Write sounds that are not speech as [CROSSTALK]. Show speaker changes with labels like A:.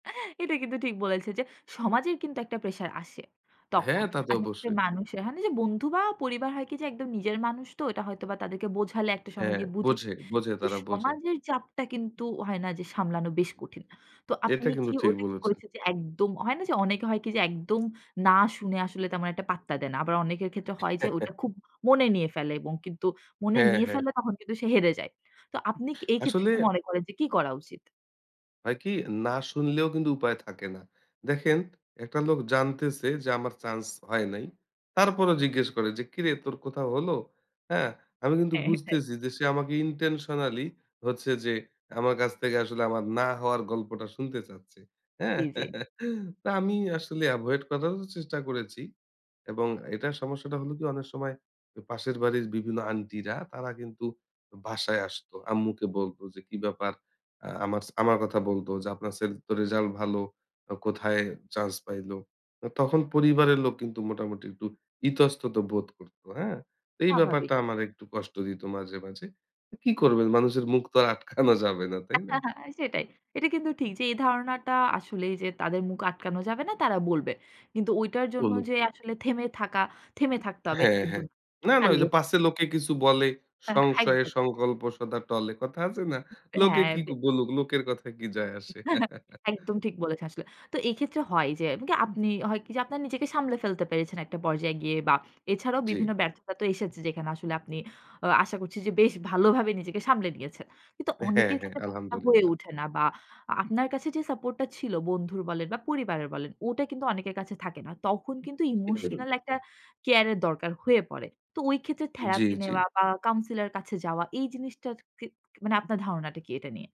A: [CHUCKLES] এটা কিন্তু ঠিক বলেছে যে সমাজের কিন্তু একটা প্রেশার আসে।
B: হ্যাঁ,
A: তখন
B: তা তো
A: আর হচ্ছে
B: অবশ্যই।
A: মানুষের হয় যে বন্ধু বা পরিবার হয় কি যে একদম নিজের মানুষ তো এটা হয়তোবা তাদেরকে বোঝালে একটা সময়
B: হ্যাঁ,
A: গিয়ে বুঝে।
B: বোঝে, বোঝে
A: কিন্তু
B: তারা বোঝে।
A: সমাজের চাপটা কিন্তু হয় না যে সামলানো বেশ কঠিন। তো
B: এটা
A: আপনি
B: কিন্তু
A: কি
B: ঠিক
A: ওটা কি
B: বলেছেন।
A: করেছেন যে একদম হয় না যে অনেকে হয় কি যে একদম না শুনে আসলে তেমন একটা পাত্তা দেয় না। আবার অনেকের ক্ষেত্রে হয় যে ওটা
B: [CHUCKLES]
A: খুব মনে নিয়ে ফেলে এবং কিন্তু মনে
B: হ্যাঁ,
A: নিয়ে
B: হ্যাঁ।
A: ফেলে তখন কিন্তু সে হেরে যায়। তো আপনি এই ক্ষেত্রে
B: আসলে
A: কি মনে করেন যে কি করা উচিত?
B: হয় কি না শুনলেও কিন্তু উপায় থাকে না। দেখেন একটা লোক জানতেছে যে আমার চান্স হয় নাই। তারপরও জিজ্ঞেস করে যে, "কিরে তোর কোথাও হলো?" হ্যাঁ? আমি কিন্তু
A: হ্যাঁ, এটাই।
B: বুঝতেছি যে সে আমাকে ইনটেনশনালি হচ্ছে যে আমার কাছ থেকে আসলে আমার না হওয়ার গল্পটা শুনতে চাচ্ছে। হ্যাঁ?
A: জি, জি।
B: [CHUCKLES] তো আমি আসলে এভয়েড করারও চেষ্টা করেছি এবং এটার সমস্যাটা হলো কি অনেক সময় এ পাশের বাড়ির বিভিন্ন আন্টিরা তারা কিন্তু বাসায় আসতো। আম্মুকে বলত যে কী ব্যাপার আ আমাস আমার কথা বলত যে, "আপনার ছেলের তো রেসাল্ট ভালো। ও কোথায় চান্স পাইল?" তো তখন পরিবারের লোক কিন্তু মোটামুটি একটু ইতস্তত বোধ করত। হ্যাঁ? এই ব্যাপারটা
A: স্বাভাবিক।
B: আমার একটু কষ্ট দিত মাঝে, মাঝে। কী করবেন? মানুষের মুখ তো আর আটকানো যাবে না, তাই না?
A: [CHUCKLES] সেটাই। এটা কিন্তু ঠিক যে এই ধারণাটা আসলেই যে তাদের মুখ আটকানো যাবে না তারা বলবে। কিন্তু ওইটার জন্য
B: বলুক।
A: যে আসলে থেমে থাকা, থেমে থাকতে হবে
B: হ্যাঁ,
A: কিন্তু
B: হ্যাঁ। না, না ওই
A: চালিয়ে
B: যে "পাছে লোকে কিছু বলে,
A: [CHUCKLES]
B: সংশয়ে
A: একদম।
B: সংকল্প সদা টলে।" কথা আছে না, "লোকে
A: হ্যাঁ।
B: কি
A: বে
B: বলুক লোকের কথায় কি যায় আসে।"
A: [CHUCKLES]
B: [CHUCKLES]
A: একদম ঠিক বলেছেন আসলে। তো এই ক্ষেত্রে হয় যে এমন কি আপনি হয় কি যে আপনার নিজেকে সামলে ফেলতে পেরেছেন একটা পর্যায়ে গিয়ে বা এছাড়াও
B: জি।
A: বিভিন্ন ব্যর্থতা তো এসেছে যেখানে আসলে আপনি আ আশা করছি যে বেশ ভালোভাবে নিজেকে সামলে নিয়েছেন। কিন্তু
B: হ্যাঁ,
A: অনেকের
B: হ্যাঁ।
A: ক্ষেত্রে ব্যপার টা হয়ে
B: আলহামদুলিল্লাহ।
A: ওঠে না বা আপনার কাছে যে সাপোর্ট টা ছিল বন্ধুর বলেন বা পরিবারের বলেন। ওটা কিন্তু অনেকের কাছে থাকে না। তখন কিন্তু ইমোশনাল একটা
B: [UNINTELLIGIBLE]
A: কেয়ার এর দরকার হয়ে পড়ে। তো ওই ক্ষেত্রে
B: জি,
A: থেরাপি
B: জি।
A: নেওয়া বা কাউন্সিলর এর কাছে যাওয়া এই জিনিসটা ক ক মানে আপনার ধারণাটা কি এটা নিয়ে?